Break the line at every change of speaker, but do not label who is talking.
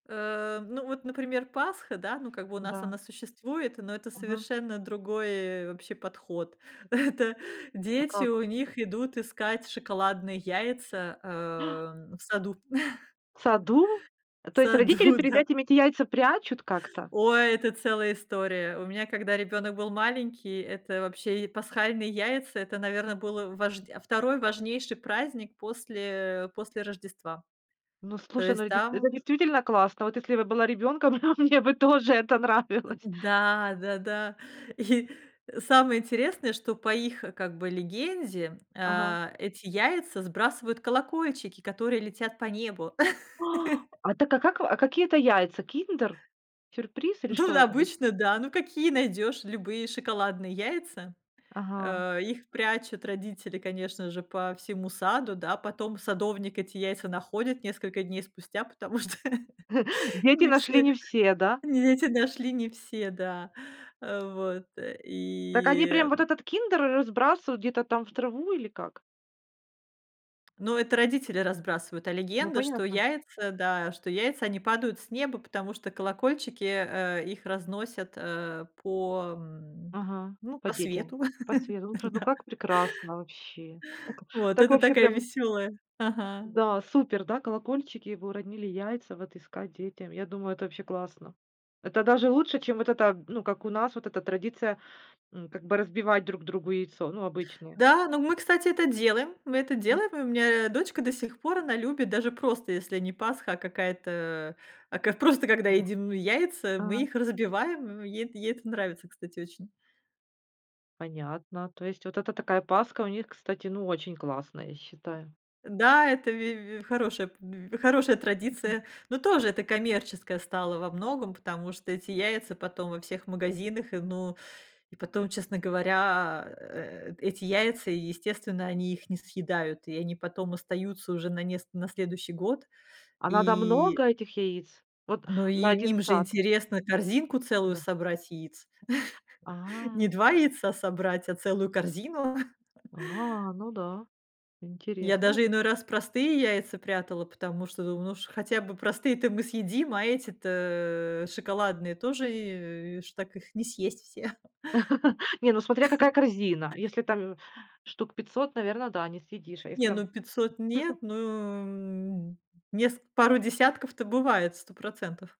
Э, ну, вот, например, Пасха, да, ну, как бы у нас
Да.
она существует, но это
Ага.
совершенно другой вообще подход. Это
А
дети у
как?
них идут искать шоколадные яйца, эм, в саду.
В саду?
В
То есть родители
саду,
перед
да.
этим эти яйца прячут как-то?
Ой, это целая история. У меня, когда ребёнок был маленький, это вообще и пасхальные яйца. Это, наверно, было важдя а 2 важнейший праздник после после Рождества.
Ну,
То
слушай, ну,
есть,
это дейст это
там
действительно классно. Вот если бы я была ребёнком, мне бы тоже это
Э,
нравилось.
да да да. И самое интересное, что по их, как бы, легенде,
Ага.
а, эти яйца сбрасывают колокольчики, которые летят по небу.
А так а как вы а какие это яйца? "Киндер Сюрприз" или
Тут
что это вы
обычно, да. Ну, какие найдёшь- любые шоколадные яйца.
Ага.
А их прячут родители, конечно же, по всему саду, да. Потом садовник эти яйца находит несколько дней спустя, потому
М.
что
Дети
Не
нашли
все
не все, да?
не эте нашли, не все, да. А вот
Так, они прям
и
вот этот "Киндер" разбрасывают где-то там в траву или как?
Ну, это родители разбрасывают, а
Ну,
легенда, что
понятно.
яйца, да, что яйца, они падают с неба, потому что колокольчики, э, их разносят, э, по, м,
Ага,
ну,
по
по
детям,
свету,
по сверу Слушай, ну
да.
как прекрасно вообще. О, ка
Вот,
так
это
вообще,
такая
прям
весёлая ага.
Да, супер, да, колокольчики. Вы уронили яйца вот искать детям. Я думаю, это вообще классно. Это даже лучше, чем вот эта, ну, как у нас, вот эта традиция, м, как бы разбивать друг другу яйцо, ну, обычные.
Да, но мы, кстати, это делаем, мы это
М.
делаем, и у меня, дочка до сих пор, она любит, даже просто если не Пасха, а какая-то, а как просто когда едим ну яйца, мы
А.
их разбиваем, м, ей ей это нравится, кстати, очень.
Понятно. То есть вот эта такая Пасха у них, кстати, ну, очень классная, я считаю.
Да, это вь вь хорошая п вь хорошая
М, м
традиция, но тоже это коммерческое стало во многом, потому что эти яйца потом во всех магазинах, и, ну, и потом, честно говоря, э, эти яйца, и, естественно, они их не съедают, и они потом остаются уже на неск на следующий год
А надо много
и
этих яиц? Вот
Ну, и
на 1
им же
сад?
интересно корзинку целую
Да.
собрать яиц.
А
Не 2
чё
яйца собрать, а целую корзину.
А, ну да,
Я
интерес,
даже
ну
иной раз простые яйца прятала, потому что думаю: "Ну, ш хотя бы простые-то мы съедим, а эти-то шоколадные тоже, и ш так их не съесть все".
Не, ну, смотря какая корзина. Если там штук 500, наверно, да, не съедишь. А если
Не,
там
ну 500 нет, ну, м, неск пару десятков-то бывает 100 %.